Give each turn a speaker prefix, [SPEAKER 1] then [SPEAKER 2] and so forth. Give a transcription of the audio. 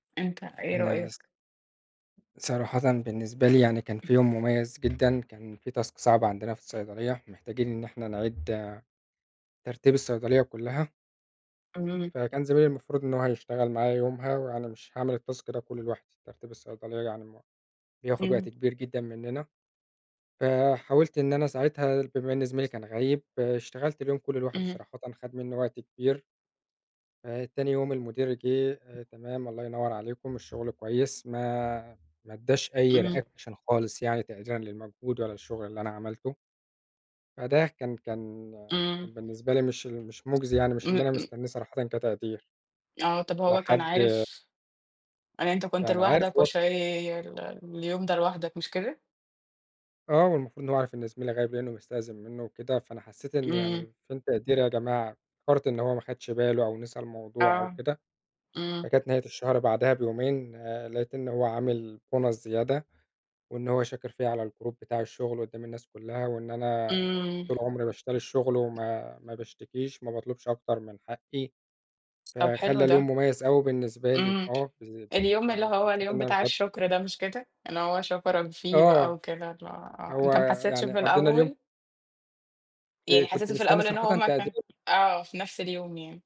[SPEAKER 1] أنت إيه
[SPEAKER 2] أنا س
[SPEAKER 1] رأيك؟
[SPEAKER 2] صراحةً بالنسبة لي يعني كان فيه يوم مميز جدًا، كان فيه task صعب عندنا في الصيدلية، ومحتاجين إن إحنا نعيد ترتيب الصيدلية كلها.
[SPEAKER 1] إمم.
[SPEAKER 2] فكان زميلي المفروض إن هو هيشتغل معايا يومها، وأنا مش هاعمل الtask ده كله لوحدي. ترتيب الصيدلية يعني م بياخد وقت
[SPEAKER 1] إمم.
[SPEAKER 2] كبير جدًا مننا، فحاولت إن أنا ساعتها بما إن زميلي كان غايب، اشتغلت اليوم كله لوحدي،
[SPEAKER 1] إمم.
[SPEAKER 2] صراحةً خَد مني وقت كبير. تاني يوم المدير جِه: "تمام الله ينور عليكم، الشغل كويس." ما ما ادّاش أي
[SPEAKER 1] إمم.
[SPEAKER 2] reaction خالص يعني تقديرًا للمجهود ولا الشغل اللي أنا عملته. فده كان كان
[SPEAKER 1] إمم.
[SPEAKER 2] كان بالنسبة لي مش ال مش مُجزي يعني، مش اللي
[SPEAKER 1] إمم.
[SPEAKER 2] أنا
[SPEAKER 1] م
[SPEAKER 2] مستنيه صراحةً كتقدير.
[SPEAKER 1] آه. طَب هو كان
[SPEAKER 2] لحد
[SPEAKER 1] عارف إن أنت كنت
[SPEAKER 2] كان عارف
[SPEAKER 1] لوحدك
[SPEAKER 2] و
[SPEAKER 1] وشايل اليوم ده لوحدك، مش كده؟
[SPEAKER 2] آه، والمفروض إن هو عارف إن زميلي غايب لإنه مستأذن منه وكده، فأنا حسيت إن
[SPEAKER 1] إمم.
[SPEAKER 2] يعني فين تقديري يا جماعة؟ افتكرت إن هو ما خدش باله أو نسى الموضوع أو
[SPEAKER 1] آه.
[SPEAKER 2] كده.
[SPEAKER 1] إمم.
[SPEAKER 2] فكانت نهاية الشهر بعدها بيومين، لقيت إن هو عامل bonus زيادة، وإن هو شاكر فيَّ على الgroup بتاع الشغل قدّام الناس كلها، وإن أنا
[SPEAKER 1] إمم.
[SPEAKER 2] طول عمري باشتري الشغل وما ما باشتكيش، ما باطلبش أكتر من حقي.
[SPEAKER 1] طَب حلو
[SPEAKER 2] فخلّى
[SPEAKER 1] ده.
[SPEAKER 2] اليوم مميز أوي بالنسبة لي.
[SPEAKER 1] إمم.
[SPEAKER 2] آه، بالذ ب
[SPEAKER 1] اليوم اللي
[SPEAKER 2] يعني
[SPEAKER 1] هو
[SPEAKER 2] حسيت
[SPEAKER 1] اليوم
[SPEAKER 2] إن أنا
[SPEAKER 1] بتاع
[SPEAKER 2] متقدَّر.
[SPEAKER 1] الشكر ده، مش كده؟ إن هو شكرَك فيه بقى
[SPEAKER 2] آه.
[SPEAKER 1] وكده اللي هو
[SPEAKER 2] هو
[SPEAKER 1] أنت ما حسيتش
[SPEAKER 2] يعني
[SPEAKER 1] في
[SPEAKER 2] قضينا اليوم
[SPEAKER 1] الأول؟ يعني
[SPEAKER 2] فكنت
[SPEAKER 1] حسيته في
[SPEAKER 2] مستني
[SPEAKER 1] الأول إن
[SPEAKER 2] صراحةً
[SPEAKER 1] هو ما كان
[SPEAKER 2] تقدير.
[SPEAKER 1] آه، في نفْس اليوم يعني.